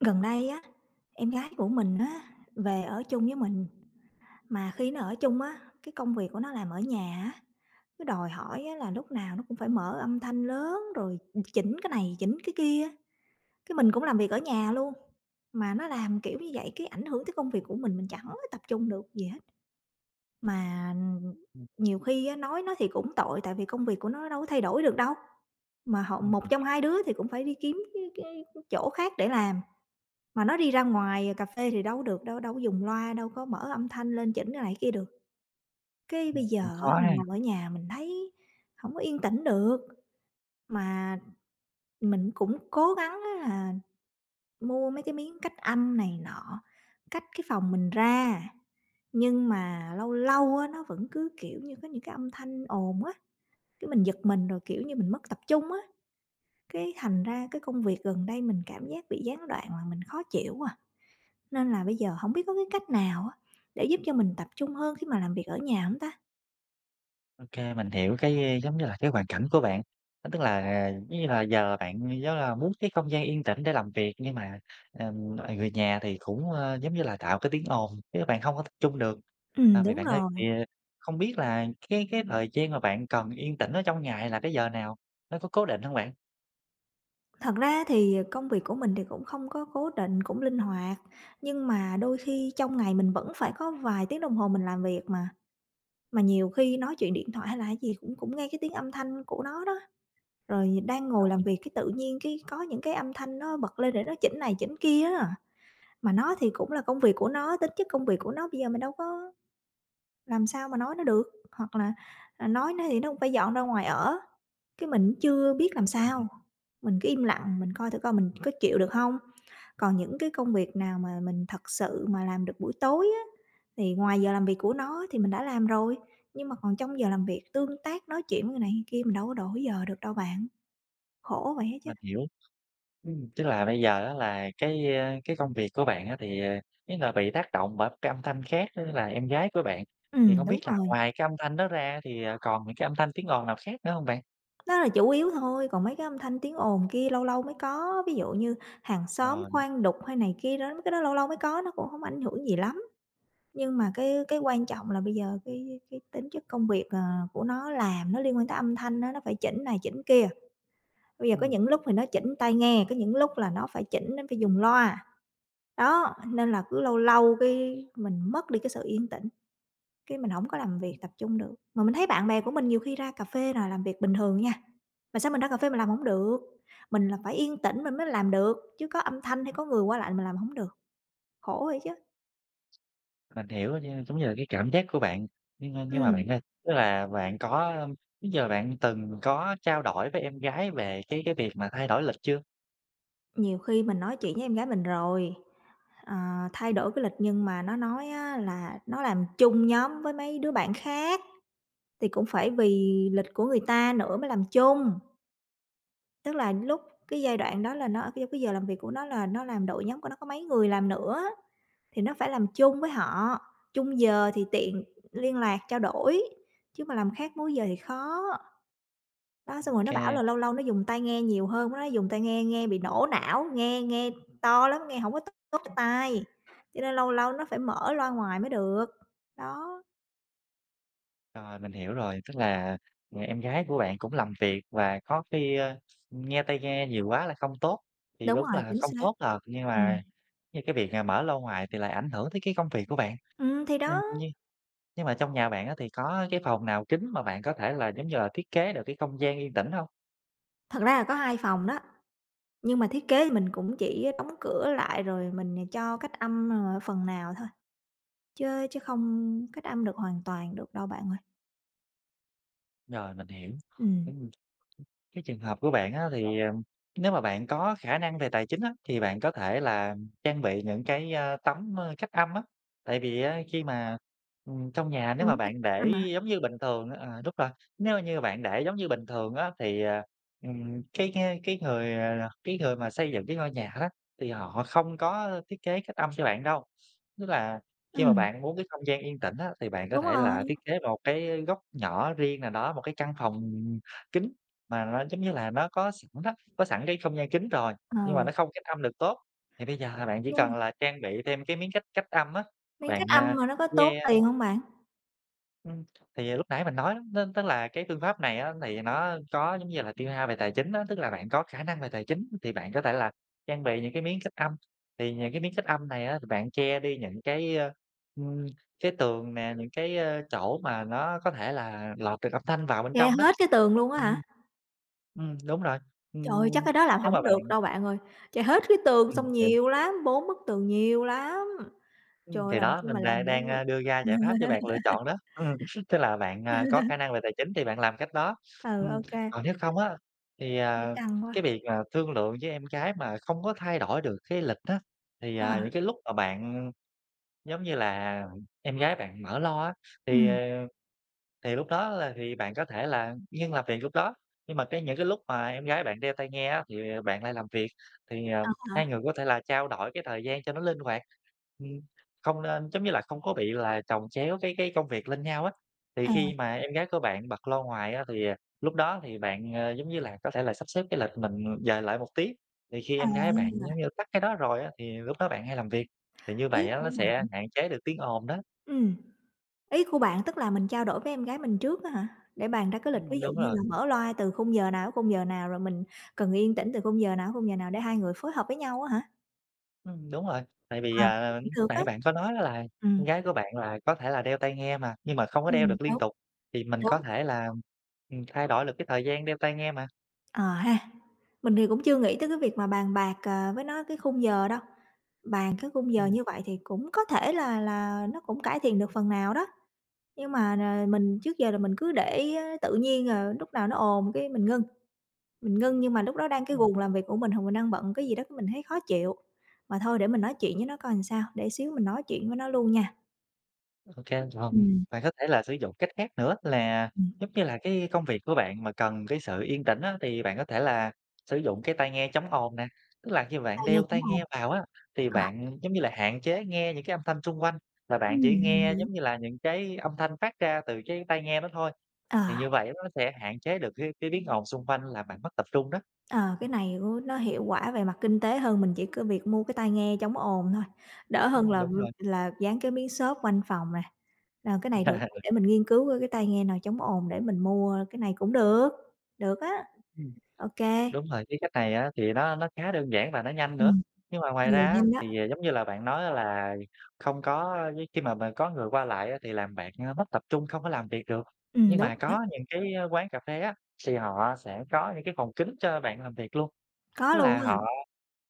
Gần đây á, em gái của mình á, về ở chung với mình. Mà khi nó ở chung á, cái công việc của nó làm ở nhà á, cứ đòi hỏi á là lúc nào nó cũng phải mở âm thanh lớn, rồi chỉnh cái này chỉnh cái kia á. Cái mình cũng làm việc ở nhà luôn, mà nó làm kiểu như vậy cái ảnh hưởng tới công việc của mình, mình chẳng có tập trung được gì hết. Mà, ừm, ừm, Ừm. nhiều khi á nói nó thì cũng tội tại vì công việc của nó, nó đâu có thay đổi được đâu. Mà họ Vâng, một mình trong hai đứa thì cũng phải đi kiếm cái cái chỗ khác để làm. Mà nó đi ra ngoài, ờ, cà phê thì đâu có được đâu, đâu có dùng loa, đâu có mở âm thanh lên chỉnh cái này cái kia được. Cái bây Ừm, cũng giờ khó á, mình ha. làm ở nhà mình thấy hổng có yên tĩnh được. Mà mình cũng cố gắng á là mua mấy cái miếng cách âm này nọ, cách cái phòng mình ra, nhưng mà lâu lâu á nó vẫn cứ, kiểu như, có những cái âm thanh ồn á, cái mình giật mình rồi, kiểu như, mình mất tập trung á. Cái thành ra cái công việc gần đây mình cảm giác bị gián đoạn làm mình khó chịu quá à. Nên là bây giờ hổng biết có cái cách nào á, để giúp cho mình tập trung hơn khi mà làm việc ở nhà hông ta? Ô kê, mình hiểu cái, a, giống như là, cái hoàn cảnh của bạn. Ơ, tức là, à, giống như là, giờ bạn rất là muốn cái không gian yên tĩnh để làm việc, nhưng mà, ừm, [unintelligible] người nhà thì cũng, ơ, giống như là, tạo cái tiếng ồn khiến cho bạn không có tập trung được. À, Ừm, vậy đúng bạn ơi, rồi. thì, ờ, không biết là cái cái thời gian mà bạn cần yên tĩnh ở trong ngày là cái giờ nào? Nó có cố định hông bạn? Thật ra thì công việc của mình thì cũng không có cố định, cũng linh hoạt nhưng mà đôi khi trong ngày mình vẫn phải có vài tiếng đồng hồ mình làm việc mà. Mà nhiều khi nói chuyện điện thoại hay là cái gì cũng cũng nghe cái tiếng âm thanh của nó đó, rồi đang ngồi làm Rồi. việc cái tự nhiên cái có những cái âm thanh nó bật lên để nó chỉnh này chỉnh kia á. Mà nó thì cũng là công việc của nó, tính chất công việc của nó bây giờ mình đâu có làm sao mà nói nó được hoặc là, ờ, nói nó thì nó cũng phải dọn ra ngoài ở. Cái mình cũng chưa biết làm [unintelligible] sao, mình cứ im lặng mình coi thử coi mình có chịu được hông. Còn những cái công việc nào mà mình thật sự mà làm được buổi tối á, thì ngoài giờ làm việc của nó thì mình đã làm rồi nhưng mà còn trong giờ làm việc, tương tác nói chuyện với người này, người kia mình đâu có đổi giờ được đâu bạn. Khổ vậy ấy chứ. Mình hiểu. Ừm, tức là bây giờ á là cái, a, cái công việc của bạn á thì, à, ý là bị tác động bởi cái âm thanh khác, tức là em gái của bạn, thì Ừm, không biết đúng là rồi. ngoài cái âm thanh đó ra á thì, à, còn những cái âm thanh tiếng ồn nào khác nữa hông bạn? Nó là chủ yếu thôi còn mấy cái âm thanh tiếng ồn kia lâu lâu mới có. Ví dụ như hàng xóm Rồi. khoan đục hay này kia đó, mấy cái đó lâu lâu mới có nó cũng hổng ảnh hưởng gì lắm. Nhưng mà cái cái quan trọng là bây giờ cái cái tính chất công việc, ờ, của nó làm nó liên quan tới âm thanh á, nó phải chỉnh này chỉnh kia. Bây giờ có Ừm. những lúc thì nó chỉnh tai nghe, có những lúc là nó phải chỉnh nó phải dùng loa, đó, nên là cứ lâu lâu cái mình mất đi cái sự yên tĩnh, cái mình hổng có làm việc, Ừm. tập trung được. Mà mình thấy bạn bè của mình nhiều khi ra cà phê là làm việc bình thường nha, mà sao mình ra cà phê mình làm hổng được. Mình là phải yên tĩnh mình mới làm được, chứ có âm thanh hay có người qua lại mình làm hổng được. Khổ vậy chứ. Mình hiểu rồi nha. Giống như là, cái cảm giác của bạn nhưng, a, nhưng mà Ừm. bạn ơi, tức là bạn có, ưm, trước giờ bạn từng có trao đổi với em gái về cái cái việc mà thay đổi lịch chưa? Nhiều khi mình nói chuyện với em gái mình rồi, ờ, thay đổi cái lịch, nhưng mà nó nói á là nó làm chung nhóm với mấy đứa bạn khác, thì cũng phải vì lịch của người ta nữa mới làm chung. Tức là lúc cái giai đoạn đó là nó ở c cái giờ làm việc của nó là nó làm đội nhóm của nó có mấy người làm nữa, thì nó phải làm chung với họ, chung giờ thì tiện liên lạc, trao đổi, chứ mà làm khác múi giờ thì khó. Đó, xong rồi nó bảo OK. là lâu lâu nó dùng tai nghe nhiều hơn, nó nói dùng tai nghe nghe bị nổ não, nghe nghe to lắm, nghe hổng có tốt tốt cho tai. Cho nên lâu lâu nó phải mở loa ngoài mới được. Đó. Rồi, mình hiểu rồi, tức là người em gái của bạn cũng làm việc và có khi, ơ, nghe tai nghe nhiều quá là không tốt, thì Đúng đúng rồi, là chính không xác. tốt thật, nhưng Ừm. mà như cái việc, ờ, mở loa ngoài thì lại ảnh hưởng tới cái công việc của bạn. Ừm, thì Ừm, đó! như nhưng mà trong nhà bạn á, thì có cái phòng nào kín mà bạn có thể là, giống như là, thiết kế được cái không gian yên tĩnh hông? Thật ra là có 2 phòng đó, nhưng mà thiết kế thì mình cũng chỉ đóng cửa lại rồi mình nè cho cách âm, ờ, phần nào thôi, chớ chớ không cách âm được hoàn toàn được đâu bạn ơi. Rồi, mình hiểu. Ừm, Ừm. ừm, cái trường hợp của bạn á thì, ờ, nếu mà bạn có khả năng về tài chính á, thì bạn có thể là trang bị những cái, ơ, tấm, ơ, cách âm á. Tại vì á khi mà, ừm, trong nhà nếu mà Quấn cách bạn để âm hả? giống như bình thường à, đúng rồi, nếu như bạn để giống như bình thường á thì, ờ, ừm, cái ng cái người, à, là cái người mà xây dựng cái ngôi nhà đó, thì họ không có thiết kế cách âm cho bạn đâu. Tức là khi mà Ừm. bạn muốn cái không gian yên tĩnh á, thì bạn có Đúng thể rồi. là thiết kế một cái góc nhỏ riêng nào đó, một cái căn phòng, ừm, kín mà nó, giống như là, nó có sẵn đó, có sẵn cái không gian kín rồi, nhưng mà Ừ. nó không cách âm được tốt, thì bây giờ là bạn chỉ Nhưng cần m là trang bị thêm cái miếng cách cách âm á, Miếng cách bạn, âm a, mà nó có tốn che tiền hông bạn? Ừm, thì, ờ, lúc nãy mình nói đó, nó tức là cái phương pháp này á, thì nó có, giống như là, tiêu hao về tài chính á, tức là bạn có khả năng về tài chính thì bạn có thể là trang bị những cái miếng cách âm. Thì những cái miếng cách âm này á, thì bạn che đi những cái, ơ, ưm, cái tường nè, những cái, a, chỗ mà nó có thể là lọt được âm thanh vào bên Che trong đó. hết cái tường luôn á Ừm. hả? Ừm, đúng rồi. Trời, chắc Ừm, cái đó làm nếu mà hổng được bạn đâu bạn ơi! Che hết cái tường Ừm, xong ừ. nhiều lắm, 4 bức tường nhiều lắm! Ừm, Trời, thì làm đó, sao mình mà đa làm được. đang, a, đưa ra giải pháp cho bạn lựa chọn đó. Ừm, tức là bạn, à, có khả năng về tài chính thì bạn làm cách đó. Ừ, Ừm, ô kê. còn nếu không á thì, Thấy à, căng cái quá. việc, ờ, thương lượng với em gái mà không có thay đổi được cái lịch á, thì, à, Ờ. những cái lúc mà bạn, giống như là, em gái bạn mở loa á, thì, ờ, Ừm. thì lúc đó là thì bạn có thể là ngưng làm việc lúc đó. Nhưng mà cái những cái lúc mà em gái bạn đeo tai nghe á thì, ờ, bạn lại làm việc. Thì, ờ, Ờ hai ha. người có thể là trao đổi cái thời gian cho nó linh hoạt, ừm, không nên giống như là, không có bị là chồng chéo cái cái công việc lên nhau á. Thì À. khi mà em gái của bạn bật loa ngoài á, thì, à, lúc đó thì bạn, ờ, giống như là, có thể là sắp xếp cái lịch mình dời lại một tí, thì khi em gái bạn, giống À! như, tắt cái đó rồi á, thì lúc đó bạn hãy làm việc. Thì như Ý vậy á, nó của sẽ bạn hạn chế được tiếng ồn đó. Ừm, ý của bạn tức là mình trao đổi với em gái mình trước á hả? Để bàn ra cái lịch ví Ưm, dụ đúng như rồi. là mở loa từ khung giờ nào, khung giờ nào, rồi mình cần yên tĩnh từ khung giờ nào, khung giờ nào để hai người phối hợp với nhau á hả? Ừm, đúng rồi, tại vì, Ờ, à, cũng lúc được á. nãy bạn có nói là em Ừm. gái của bạn là có thể là đeo tai nghe mà, nhưng mà không có đeo Ừm, được liên đúng. tục, thì mình có Đúng. thể là, ừm, thay đổi được cái thời gian đeo tai nghe mà. Ờ ha, mình thì cũng chưa nghĩ tới cái việc mà bàn bạc, ờ, với nó cái khung giờ đâu, bàn cái khung giờ Ừm. như vậy thì cũng có thể là là nó cũng cải thiện được phần nào đó. Nhưng mà, ờ, mình trước giờ là mình cứ để tự nhiên à, lúc nào nó ồn cái mình ngưng, mình ngưng nhưng mà lúc đó đang cái Ừm. guồng làm việc của mình hoặc mình đang bận cái gì đó cái mình thấy khó chịu. Mà thôi để mình nói chuyện với nó coi sao, để xíu mình nói chuyện với nó luôn nha! Ô kê, ừm, Ừm. bạn có thể là sử dụng cách khác nữa là, Ừm. giống như là, cái công việc của bạn mà cần cái sự yên tĩnh á, thì bạn có thể là sử dụng cái tai nghe chống ồn nè. Tức là khi bạn Tai nghe đeo chống tai ồn. nghe vào á, thì Ờ. bạn, giống như là, hạn chế nghe những cái âm thanh xung quanh, và bạn Ừm, chỉ mình nghe, hiểu. giống như là, những cái âm thanh phát ra từ cái tai nghe đó thôi. Thì Ờ. như vậy nó sẽ hạn chế được cái cái biến ồn xung quanh làm bạn mất tập trung đó. Ờ, cái này cũng nó hiệu quả về mặt kinh tế hơn, mình chỉ có việc mua cái tai nghe chống ồn thôi, đỡ hơn Ừm, là v đúng rồi. là dán cái miếng xốp quanh phòng nè. Ờ, cái này được để mình nghiên cứu coi cái tai nghe nào chống ồn để mình mua cái này cũng được, được á. Ừm. Ô kê. Đúng rồi, cái cách này á, thì nó nó khá đơn giản và nó nhanh nữa. Ừm, Nhưng mà thì ngoài ra á nhanh đó. thì, giống như là, bạn nói á là không có với khi mà mà có người qua lại á thì làm bạn, ơ, mất tập trung không có làm việc được. Ừm, Nhưng đúng mà đó. có những cái, ơ, quán cà phê á thì họ sẽ có những cái phòng kín cho bạn làm việc luôn, Có tức luôn là á họ hả?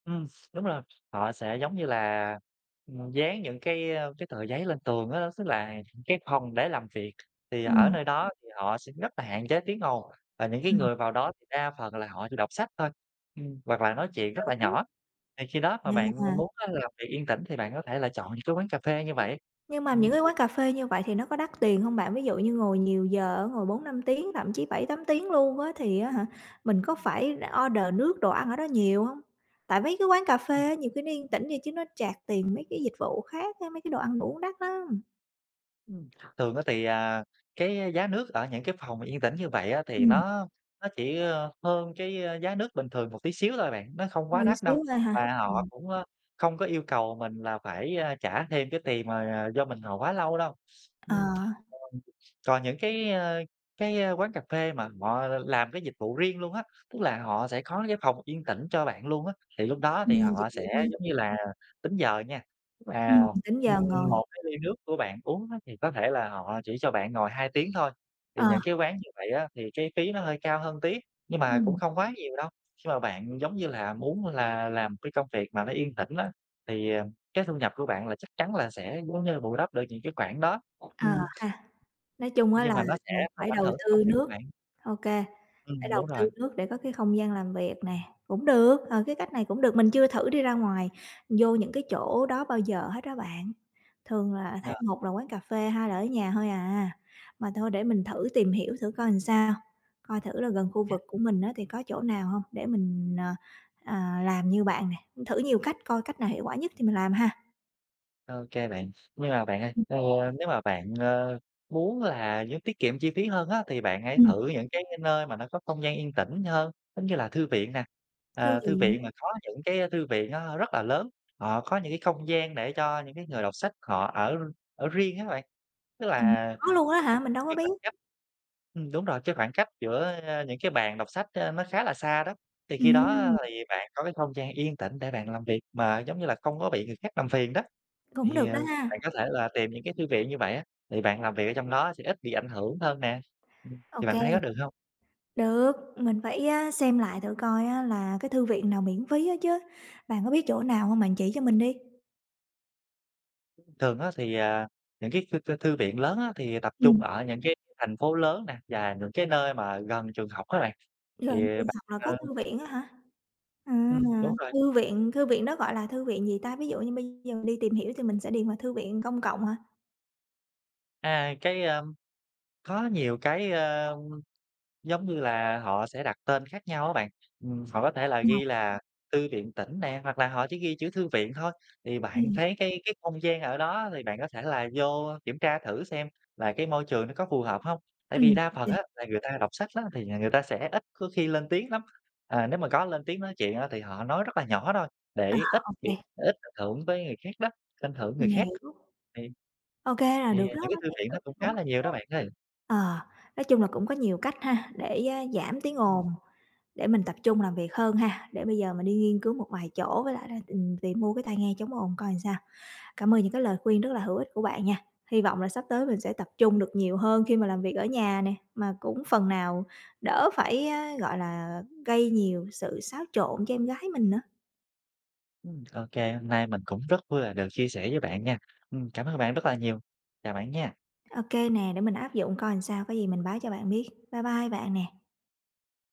ừm, đúng rồi, họ sẽ giống như là, ừm, dán những cái, ơ, cái tờ giấy lên tường á. Tức là cái phòng để làm việc, thì ở Ừm. nơi đó thì họ sẽ rất là hạn chế tiếng ồn, và những cái Ừm. người vào đó thì đa phần là họ chỉ đọc sách thôi, ừm, hoặc là nói chuyện rất là Đúng. nhỏ. Thì khi đó mà Nhưng bạn mà muốn á, làm việc yên tĩnh thì bạn có thể là chọn những cái quán cà phê như vậy. Nhưng mà Ừm. những cái quán cà phê như vậy thì nó có đắt tiền hông bạn? Ví dụ như ngồi nhiều giờ á, ngồi 4-5 tiếng, thậm chí 7-8 tiếng luôn á thì á hả, mình có phải order nước đồ ăn ở đó nhiều hông? Tại mấy cái quán cà phê Ừm. á, nhiều khi nó yên tĩnh vậy chứ nó charge tiền mấy cái dịch vụ khác á, mấy cái đồ ăn uống đắt lắm! Ừm. Thường á thì, à, cái giá nước ở những cái phòng mà yên tĩnh như vậy á, thì Ừm. nó nó chỉ, ơ, hơn cái, ơ, giá nước bình thường một tí xíu thôi bạn, nó không quá Hơn một đắt đâu, xíu thôi hả? và họ Ừm. cũng, ơ, không có yêu cầu mình là phải, a, trả thêm cái tiền mà, à, do mình ngồi quá lâu đâu. Ờ. Ừm, ờm. Còn những cái, a, cái, a, quán cà phê mà mọ làm cái dịch vụ riêng luôn á, tức là họ sẽ có những phòng yên tĩnh cho bạn luôn á, thì lúc đó thì Làm họ dịch vụ sẽ, riêng. giống như là, tính giờ nha. Và, Ừm, tính giờ ừm, ngồi. 1 cái ly nước của bạn uống đó, thì có thể là họ chỉ cho bạn ngồi 2 tiếng thôi. Thì Ờ. những cái quán như vậy á thì cái phí nó hơi cao hơn tí, nhưng mà cũng Ừm. không quá nhiều đâu. Khi mà bạn, giống như là, muốn là làm cái công việc mà nó yên tĩnh á, thì, à, cái thu nhập của bạn là chắc chắn là sẽ, giống như là, bù đắp được những cái khoản đó, Ờ ừm. ha! Nói chung á Nhưng là mà nó sẽ bạn không phải ảnh đầu hưởng tới công tư việc nước của bạn. ô kê, phải Ừm, đầu đúng rồi. tư nước để có cái không gian làm việc nè, cũng được, ờ, cái cách này cũng được. Mình chưa thử đi ra ngoài vô những cái chỗ đó bao giờ hết đó bạn, thường là thấy Ờ. một là quán cà phê, hai là ở nhà thôi à, mà thôi để mình thử tìm hiểu thử coi làm sao, coi thử là gần khu [unintelligible] vực của mình á thì có chỗ nào hông, để mình, ờ, ờ, làm như bạn nè, thử nhiều cách coi cách nào hiệu quả nhất thì mình làm ha. OK bạn. Nhưng mà bạn ơi, Ừm. ờ, nếu mà bạn, ơ, muốn là như tiết kiệm chi phí hơn á, thì bạn hãy Ừm. thử những cái cái nơi mà nó có không gian yên tĩnh hơn, giống như là, thư viện nè, Thư à, thư viện. viện mà có những cái, ơ, thư viện nó rất là lớn, họ có những cái không gian để cho những cái người đọc sách họ ở ở riêng á bạn, tức Ừm. là Có luôn á hả? Mình đâu có cái biết. khoảng cách ừm, đúng rồi, cái khoảng cách giữa, a, những cái bàn đọc sách, a, nó khá là xa đó, thì khi đó, a, Ừm. thì bạn có cái không gian yên tĩnh để bạn làm việc mà, giống như là, không có bị người khác làm phiền đó. Cũng Thì, được à, đó bạn ha! có thể là tìm những cái thư viện như vậy á, thì bạn làm việc ở trong đó sẽ ít bị ảnh hưởng hơn nè, ừm, Ô thì bạn kê. thấy có được hông? Được, mình phải á xem lại thử coi á là cái thư viện nào miễn phí á chứ. Bạn có biết chỗ nào hông, bạn chỉ cho mình đi. Thường á thì, à, những cái thư thư thư viện lớn á thì, à, tập trung Ừm. ở những cái thành phố lớn nè và những cái nơi mà gần trường học á bạn, thì Gần trường bạn, học là có ơ thư viện á hả? Ừm, Ừm, đúng rồi. Thư viện thư viện đó gọi là thư viện gì ta? Ví dụ như bây giờ mình đi tìm hiểu thì mình sẽ điền vào thư viện công cộng hả? À, cái, a, có nhiều cái, ơm, giống như là, họ sẽ đặt tên khác nhau á bạn, ừm, họ có thể là Ờ. ghi là thư viện tỉnh nè, hoặc là họ chỉ ghi chữ thư viện thôi. Thì bạn Ừm. thấy cái cái không gian ở đó thì bạn có thể là vô kiểm tra thử xem và cái môi trường nó có phù hợp hông, tại vì Ừm, đa phần kê. á là người ta đọc sách á thì, à, người ta sẽ ít có khi lên tiếng lắm. À, nếu mà có lên tiếng nói chuyện á, thì họ nói rất là nhỏ thôi, À, để ít ô bị kê. ít ảnh hưởng tới người khác đó, ảnh hưởng người Mình khác. hiểu. Thì Ô kê, là thì, được à, đó, những cái mấy thư cái ý viện nó tưởng cũng này cũng khá là hay nhiều đó bạn ơi. á. Ờ, nói chung là cũng có nhiều cách ha, để, a, giảm tiếng Ừm. ồn, để mình tập trung làm việc hơn ha. Để bây giờ mình đi nghiên cứu một vài chỗ với lại là, ừm, tìm mua cái tai nghe chống ồn coi làm sao. Cảm ơn những cái lời khuyên rất là hữu ích của bạn nha. Hy vọng là sắp tới mình sẽ tập trung được nhiều hơn khi mà làm việc ở nhà nè, mà cũng phần nào đỡ phải, a, gọi là, gây nhiều sự xáo trộn cho em gái mình nữa. Ừm, ô kê, hôm nay mình cũng rất vui là được chia sẻ với bạn nha. Ừm, cảm ơn bạn rất là nhiều, chào bạn nha. Ô kê nè, để mình áp dụng coi làm sao, có gì mình báo cho bạn biết. Bye bye bạn nè.